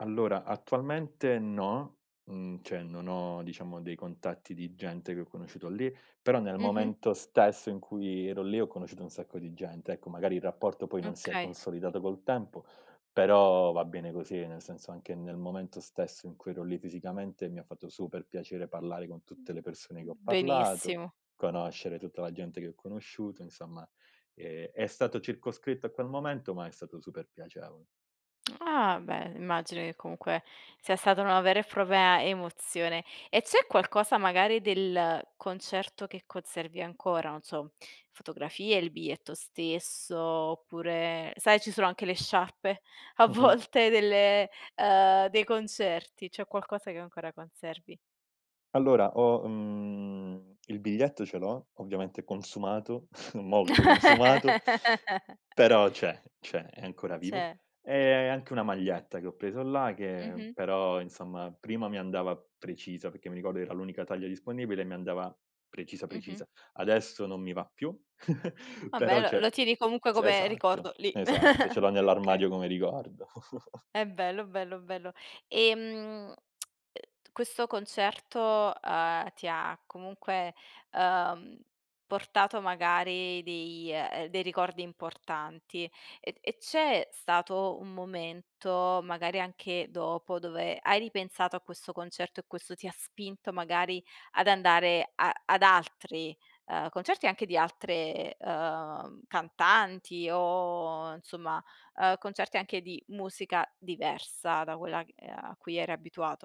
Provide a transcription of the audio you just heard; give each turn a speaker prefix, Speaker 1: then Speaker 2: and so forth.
Speaker 1: Allora, attualmente no. Mhmm, cioè, non ho diciamo dei contatti di gente che ho conosciuto lì. Però nel
Speaker 2: Mh-mh.
Speaker 1: momento stesso in cui ero lì, ho conosciuto un sacco di gente. Ecco, magari il rapporto poi non si è
Speaker 2: Okay.
Speaker 1: consolidato col tempo, però va bene così, nel senso anche nel momento stesso in cui ero lì fisicamente mi ha fatto super piacere parlare con tutte le persone che ho parlato,
Speaker 2: Benissimo.
Speaker 1: conoscere tutta la gente che ho conosciuto, insomma, ehm, è stato circoscritto a quel momento, ma è stato super piacevo
Speaker 2: Ah, beh, immagino che comunque sia stata una vera e propria emozione. E c'è qualcosa magari del concerto che conservi ancora? Non so, fotografie, il biglietto stesso oppure, sai, ci sono anche le sciarpe a
Speaker 1: Mh-mh.
Speaker 2: volte delle uhm dei concerti, c'è qualcosa che ancora conservi?
Speaker 1: Allora, ho mhmm, il biglietto ce l'ho, ovviamente consumato, molto consumato, però c'è, c'è, è ancora vivo.
Speaker 2: C'è.
Speaker 1: E anche una maglietta che ho preso là che
Speaker 2: Mh-mh.
Speaker 1: però, insomma, prima mi andava precisa perché mi ricordo era l'unica taglia disponibile e mi andava precisa,
Speaker 2: Mh-mh.
Speaker 1: precisa. Adesso non mi va più,
Speaker 2: Va beh,
Speaker 1: però
Speaker 2: lo
Speaker 1: c'è
Speaker 2: lo tieni comunque
Speaker 1: s
Speaker 2: come
Speaker 1: esatto,
Speaker 2: ricordo lì.
Speaker 1: esatto, ce l'ho
Speaker 2: Okay.
Speaker 1: nell'armadio come ricordo.
Speaker 2: Eh bello, bello, bello. Ehm, e questo concerto, uhm, ti ha comunque, uhm, portato magari dei eh dei ricordi importanti. E e c'è stato un momento, magari anche dopo, dove hai ripensato a questo concerto, e questo ti ha spinto magari ad andare a ad altri, uhm, concerti, anche di altre, uhm, cantanti o insomma, uhm, concerti anche di musica diversa da quella e a cui eri abituato?